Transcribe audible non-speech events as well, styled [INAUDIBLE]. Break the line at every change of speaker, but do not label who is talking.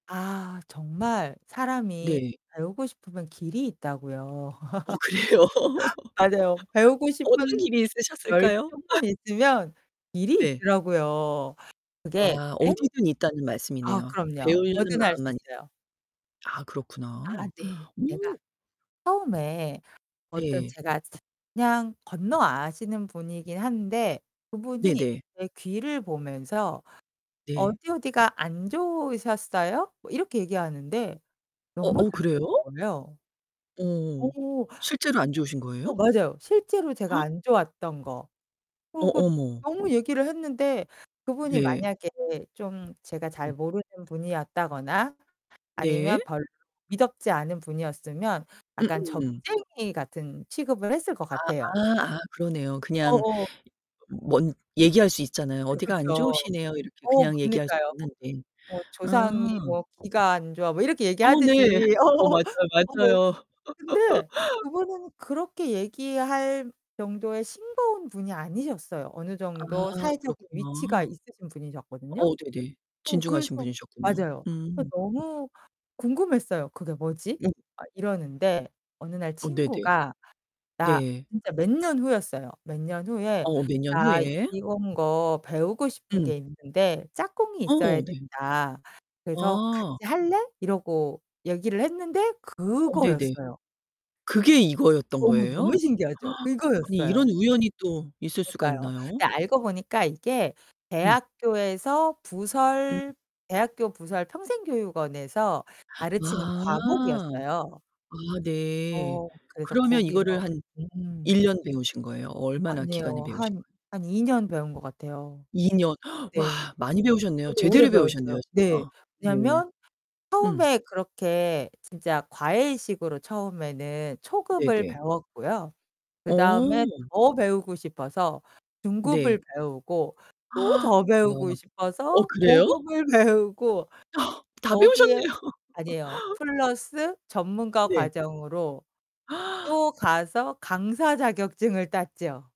아, 정말 사람이
네.
배우고 싶으면 길이 있다고요.
어,
[LAUGHS]
그래요? [LAUGHS]
맞아요. 배우고
어떤
싶은
길이 있으셨을까요? [LAUGHS]
열정만 있으면 길이
네.
있더라고요. 그게
와,
엥
어디든 있다는
아,
말씀이네요.
그럼요.
배우려는
뭐든 할 수
마음만 있으
있어요.
아
아
그렇구나.
네. 제가
오.
처음에 어떤
네.
제가 차 그냥 건너 아시는 분이긴 한데 그분이
네네.
제 귀를 보면서
네.
"어디, 어디가 안 좋으셨어요?" 뭐 이렇게 얘기하는데
어
너무
어
잘 맞는
그래요?
거예요. 어.
어어. 실제로 안 좋으신 거예요?
어 맞아요. 실제로 제가
[GASPS]
안 좋았던 거.
어
그리고
어머.
너무 얘기를 했는데 그분이
네.
만약에 좀 제가
음.
잘 모르는 분이었다거나
네.
아니면 별로 미덥지 않은 분이었으면 약간
음음음.
점쟁이 같은 취급을 했을 것
아
같아요.
아 아 그러네요.
어
그냥
어.
뭔 얘기할 수 있잖아요.
그쵸,
"어디가 안
그쵸.
좋으시네요." 이렇게
어
그냥 얘기할 수
그러니까요.
있는데.
뭐
아.
"조상이 뭐 귀가 안 좋아." 뭐 이렇게
어 네.
얘기하듯이
어
어
맞아요,
어 뭐.
맞아요.
근데
[LAUGHS]
그분은 그렇게 얘기할 정도의 싱거운 분이 아니셨어요. 어느
아
정도 사회적인 위치가
그렇구나.
있으신 분이셨거든요?
어 네네.
어
진중하신
그래서
분이셨군요.
맞아요. 그래서
음.
너무 궁금했어요. '그게 뭐지?'
음.
막 이러는데 어느 날
어 네네.
친구가 나
네.
진짜 몇 년 후였어요. 몇 년 후에
어, 몇 년
"나
후에.
이런 거 배우고 싶은
음.
게 있는데 짝꿍이 있어야
어, 네.
된다. 그래서
아.
같이 할래?" 이러고 얘기를 했는데
어 네네.
그거였어요.
그게 이거였던
너무, 너무
거예요?
신기하죠?
[GASPS] 아니 이런
그거였어요.
우연이 또 있을 수가
그러니까요.
있나요?
근데 알고 보니까 이게
음.
대학교에서
음.
부설, 대학교 부설 평생교육원에서 가르치는
아.
과목이었어요.
아 네.
어 그래서
그러면
거기서.
이거를 한 1
음.
년 배우신 거예요? 얼마나 기간을
아니에요.
배우신
한
거예요?
한 2 년 배운 것 같아요.
2 년 [GASPS] 와
네.
많이 배우셨네요.
저도 오래
제대로 배우셨네요
배웠어요.
진짜.
네.
네.
왜냐면
음.
처음에 그렇게 진짜 과외식으로 처음에는 초급을
네네.
배웠고요. 그다음에
어.
더 배우고 싶어서 중급을
네.
배우고 또
[GASPS] 와.
더 배우고
어
싶어서
그래요?
고급을 배우고
어 다
거기에
배우셨네요.
아니에요.
[LAUGHS]
플러스 전문가
네.
과정으로
[GASPS]
또 가서 강사 자격증을 땄지요.